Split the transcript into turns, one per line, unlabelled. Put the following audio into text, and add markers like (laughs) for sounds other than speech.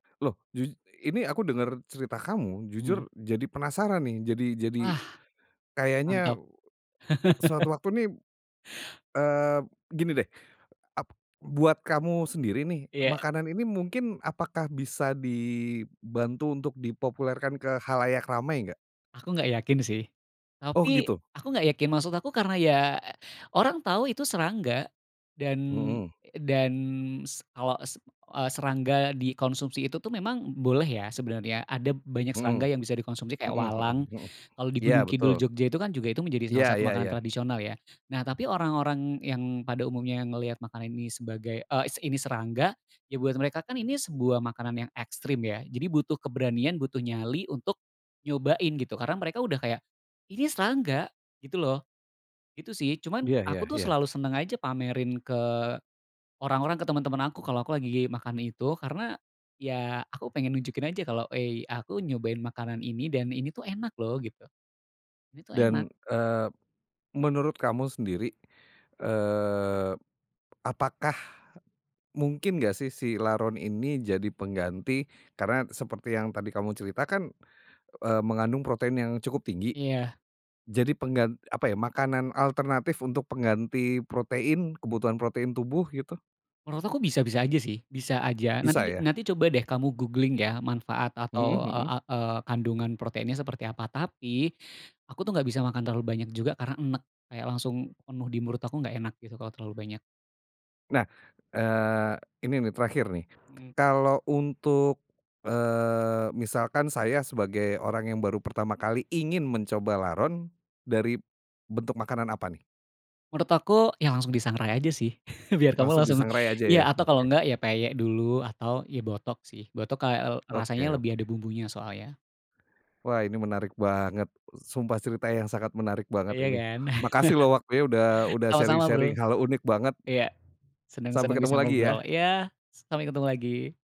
Loh jus ini aku denger cerita kamu
Mmm.
jujur jadi penasaran nih jadi jadi,
Wah,
kayaknya,
mantap. (laughs)
suatu waktu nih, eee, gini deh ap buat kamu sendiri nih
Iya.
makanan ini mungkin apakah bisa di bantu untuk dipopulerkan ke khalayak ramai enggak?
Aku gak yakin sih,
Oh
tapi
gitu?
aku gak yakin maksud aku karena ya orang tau itu serangga dan,
Mhm.
dan s awa s eee, serangga dikonsumsi itu tuh memang boleh ya sebenarnya ada banyak
Mhm,
serangga yang bisa dikonsumsi kayak
mhm mhm
walang
mhm,
kalau di
ya
Gunung Kidul
betul.
Jogja itu kan juga itu menjadi salah
Iya
satu
ya
makanan
ya.
tradisional ya nah tapi orang-orang yang pada umumnya ngelihat makanan ini sebagai, eee, ini serangga, ya buat mereka kan ini sebuah makanan yang ekstrim ya jadi butuh keberanian butuh nyali untuk, nyobain gitu karena mereka udah kayak, ini serangga gitu loh, itu sih cuman
Iya ya
aku tuh
ya.
selalu seneng aja pamerin ke, orang-orang, ke temen-temen aku kalo aku lagi makan itu karena, ya aku pengen nunjukin aja kalo hei aku nyobain makanan ini dan ini tuh enak loh gitu, ini tuh enak.
Dan, eee, menurut kamu sendiri, eee, apakah, mungkin gak sih si laron ini jadi pengganti karena seperti yang tadi kamu ceritakan, eee, mengandung protein yang cukup tinggi,
Iya.
jadi penggan apa ya makanan alternatif untuk pengganti protein kebutuhan protein tubuh gitu?
Menurut aku bisa-bisa aja sih bisa aja
Bisa
nanti
ya?
nanti coba deh kamu googling ya manfaat
Mhm
atau, eee,
mhm.
a eee, kandungan proteinnya seperti apa tapi, aku tuh nggak bisa makan terlalu banyak juga karena enek kayak langsung penuh di mulut aku nggak enak gitu kalau terlalu banyak.
Nah, eee, ini nih terakhir nih,
Mhm.
kalau untuk, eee, misalkan saya sebagai orang yang baru pertama kali ingin mencoba laron, dari bentuk makanan apa nih?
Menurut aku ya langsung disangrai aja sih (laughs) biar kamu
Langsung
langsung
disangrai aja
iya
ya?
atau kalau
Oke.
nggak ya peyek dulu atau ya botok sih botok kayak, eee, rasanya
Oke
lebih ada
oke.
bumbunya soalnya.
Wah ini menarik banget, sumpah cerita yang sangat menarik banget
Iya
ini
kan?
makasih loh waktunya udah
(laughs)
udah sharing
Sama-sama Bro,
sharing hal unik banget.
iya seneng
Sampai
seneng bisa
ketemu lagi ya.
ngobrol iya sampai ketemu lagi.